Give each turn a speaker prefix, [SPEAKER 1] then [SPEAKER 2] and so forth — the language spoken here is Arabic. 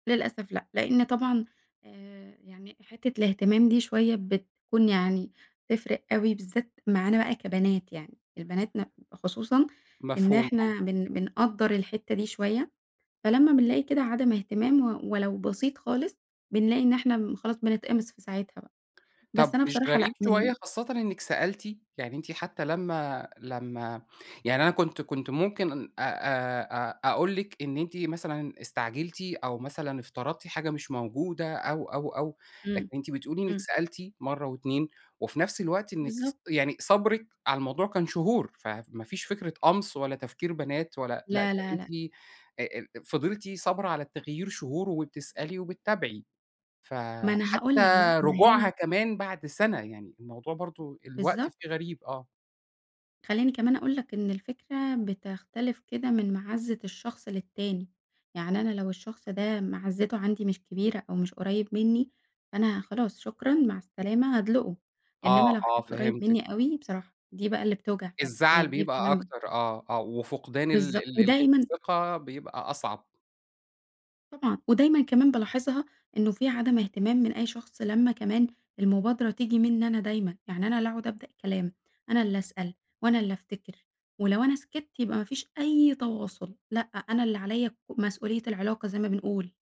[SPEAKER 1] للأسف لأ، لإن طبعًا آآ، يعني حتّة الإهتمام دي شوية بتكون يعني تفرِق أوي بالذات معانا بقى كبنات، يعني البنات م خصوصًا إن
[SPEAKER 2] مفهوم، آه.
[SPEAKER 1] إحنا بن بنقدَّر الحتّة دي شوية، فلمّا بنلاقي كده عدم اهتمام و ولو بسيط خالص بنلاقي إن إحنا خلاص بنتقمص في ساعتها بقى، بس
[SPEAKER 2] طَب
[SPEAKER 1] أنا
[SPEAKER 2] مش
[SPEAKER 1] بصراحة لأ
[SPEAKER 2] غريب
[SPEAKER 1] من
[SPEAKER 2] شوية خاصةً إنِّك سألتِ؟ يعني أنتِ حتى لمّا لمّا يعني أنا كنت كنت ممكن أ أ أ أقول لِك إن أنتِ مثلًا استعجلتِ، أو مثلًا افترضتِ حاجة مش موجودة، أو، أو، أو لكن
[SPEAKER 1] إمم،
[SPEAKER 2] أنتِ بتقولي إنِّك
[SPEAKER 1] إمم.
[SPEAKER 2] سألتِ مرّه و2 وفي نفْس الوقت إنِّك
[SPEAKER 1] بالضبط.
[SPEAKER 2] ص يعني صبْرِك على الموضوع كان شهور، فما فيش فكرة قَمْص ولا تفكير بنات، ولا لأ ده
[SPEAKER 1] لا، لا، لأ.
[SPEAKER 2] أنتِ أ أ فضلتِ صابرة على التغيير شهور، وبتسألي وبتتابعي،
[SPEAKER 1] ما أنا هاقول
[SPEAKER 2] فحتى
[SPEAKER 1] لَك بقى، ما
[SPEAKER 2] رجوعها
[SPEAKER 1] هي
[SPEAKER 2] كمان بعد سنة، يعني الموضوع برضه الوقت
[SPEAKER 1] بالضبط.
[SPEAKER 2] فيه غريب، آه.
[SPEAKER 1] خلّيني كمان أقول لَك إن الفكرة بتختلف كده من معزّة الشخص للتاني، يعني أنا لو الشخص ده معزّته عندي مش كبيرة، أو مش قريّب منّي، فأنا خلاص شكرًا مع السلامة، هادلقُه،
[SPEAKER 2] آه،
[SPEAKER 1] إنما لو
[SPEAKER 2] آه،
[SPEAKER 1] حد قريّب
[SPEAKER 2] فهمتِك.
[SPEAKER 1] منّي أوي، بصراحة دي بقى اللي بتوجع فعلًا،
[SPEAKER 2] الزعل
[SPEAKER 1] يعني دي
[SPEAKER 2] بيبقى
[SPEAKER 1] فعلًا
[SPEAKER 2] أكتر، آه، آه وفقدان ال
[SPEAKER 1] بالضبط
[SPEAKER 2] ال ال
[SPEAKER 1] ودايمًا
[SPEAKER 2] الثقة بيبقى أصعب.
[SPEAKER 1] طبعًا ودايمًا كمان بالاحظها، إنه في عدم إهتمام من أي شخص لمّا كمان المبادرة تيجي منّي أنا دايمًا، يعني أنا اللي أقعد أبدأ الكلام، أنا اللي أسأل، وأنا اللي أفتكر، ولو أنا سكِتّ يبقى ما فيش أي تواصل، لأ أنا اللي عليَّ ك مسؤولية العلاقة زي ما بنقول.